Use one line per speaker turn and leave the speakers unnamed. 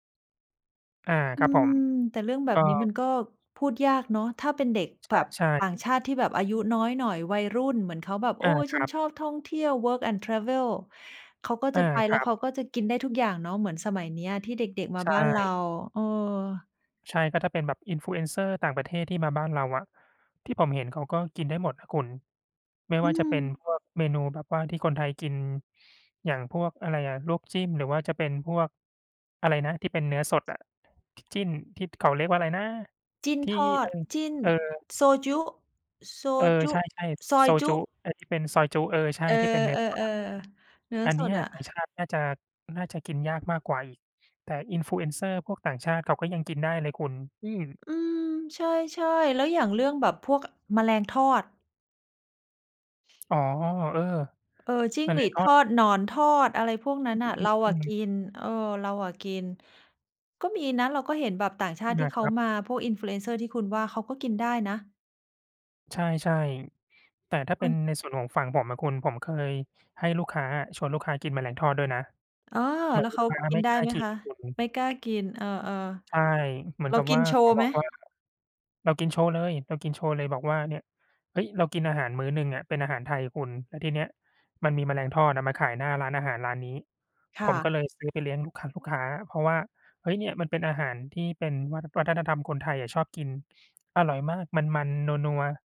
อา
อ
ค
ื
รับผม
ม แต่เรื่องแบ
เอ
บ
่
นี้
อ
มันก็พูดยากเนาะ ถ้าเป็นเด็กแบบ
ใช่
ต่าง
ๆ
ชาติที่แบบอายุน้อยหน่อย วัยรุ่น เหมือนเขาแบบ โ
อ
อ๊
า
ย
ค
ฉั
รั
น
บ
ชอบท่องเที่ยว Work and Travel เขาก็
อ
จ
า
ะไป
ค
แล
ร
้
ั
ว
บ
เขาก็จะกินได้ทุกอย่างเนาะ เหมือนสมัยเนี้ยที่เด็ก ๆ ม
ใ
า
ช
บ้านเรา
่
เออ
ใช่ ก็ถ้าเป็นแบบ Influencer ต่างประเทศที่มาบ้านเราอะ ที่ผมเห็นเขาก็กินได้หมดนะคุณ ไม่
อื
ว่าจะเป็
ม
นพวกเมนูแบบว่าที่คนไทยกิน อย่างพวกอะไรอะ ลวกจิ้ม หรือว่าจะเป็นพวกอะไรนะ ที่เป็นเนื้อสดอะ จิ้น ที่เขาเรียกว่าอะไรนะ
จิ้น
ที่
ทอ
เอ
ด
อ
จิ้น
เออ
โซจุ๊ โซ
เออ
จุ
ใ
๊
ช่
ซ
ๆ
อ
โซ
ยจ
จุ
ุ๊
๊ ไอ้ที่เป็นซอยจุ๊ เออ ใช่
เออ
ที่เป็นเนื้อสดอะคุณ
ๆ ๆ เนื้อ
อันเ
ส
นี้
ด
ย
อ
ต่าง
ะ
ชาติน่าจะ น่าจะกินยากมากกว่าอีก แต่ Influencer พวกต่างชาติเขาก็ยังกินได้เลยคุณ อืม
อืม ใช่ ๆ แล้วอย่างเรื่องแบบพวก อ แมลงทอด
อ๋อ เออ
เออ จิ้
อ
ง
ัน
ห
น
ร
ั
ี
้น
ด
ก็
ทอด หนอนทอด อะไรพวกนั้
อ
น
ื
น่
อ
ะ เรา
ๆ ๆ อ
อ
ื
ะก
ม
ิน เออ เราอะกิน ก็มีนะ เราก็เห็นแบบต่างชา
อา
ติ
น
ที่เ
ค
ขา
รับ
มา พวก Influencer ที่คุณว่าเขาก็กินได้นะ
ใช่ ๆ แต่ถ้าเ
เ
ป็น
ออ
ในส่วนของฝั่งผมอะคุณ ผมเคยให้ลูกค้าอะ ชวนลูกค้ากินแมลงทอดด้วยนะ
อ๋อ
เหมื
แ
อ
ล
น
้ว
ลู
เข
ก
า
ค้า
กิ
ไม
น
่
ได้
กล้า
ไหม
กิ
ค
น
ะ?
คุณ
ไม่กล้ากิน เออ
ใช่ เหมื
ๆ
อ
เ
น
รา
กับ
กิ
ว
น
่า
โช
เข
ว
า
์ไ
บ
หม?
อกว่า เรากินโชว์เลย เรากินโชว์เลย บอกว่า "เนี่ย" เฮ้ย เรากินอาหารมื้อหนึ่งอะเป็นอาหารไทยคุณ แล้วทีเนี้ยมันมีแมลงทอดอะมาขายหน้าร้านอาหารร้านนี้
ค
ผ
่
มก็
ะ
เลยซื้อไปเลี้ยงลูกค้า ลูกค้า เพราะว่า เฮ้ย เนี่ยมันเป็นอาหารที่เป็นวัฒ วัฒนธรรมคนไทยอะชอบกิน อร่อยมาก มัน ๆ นัว ๆ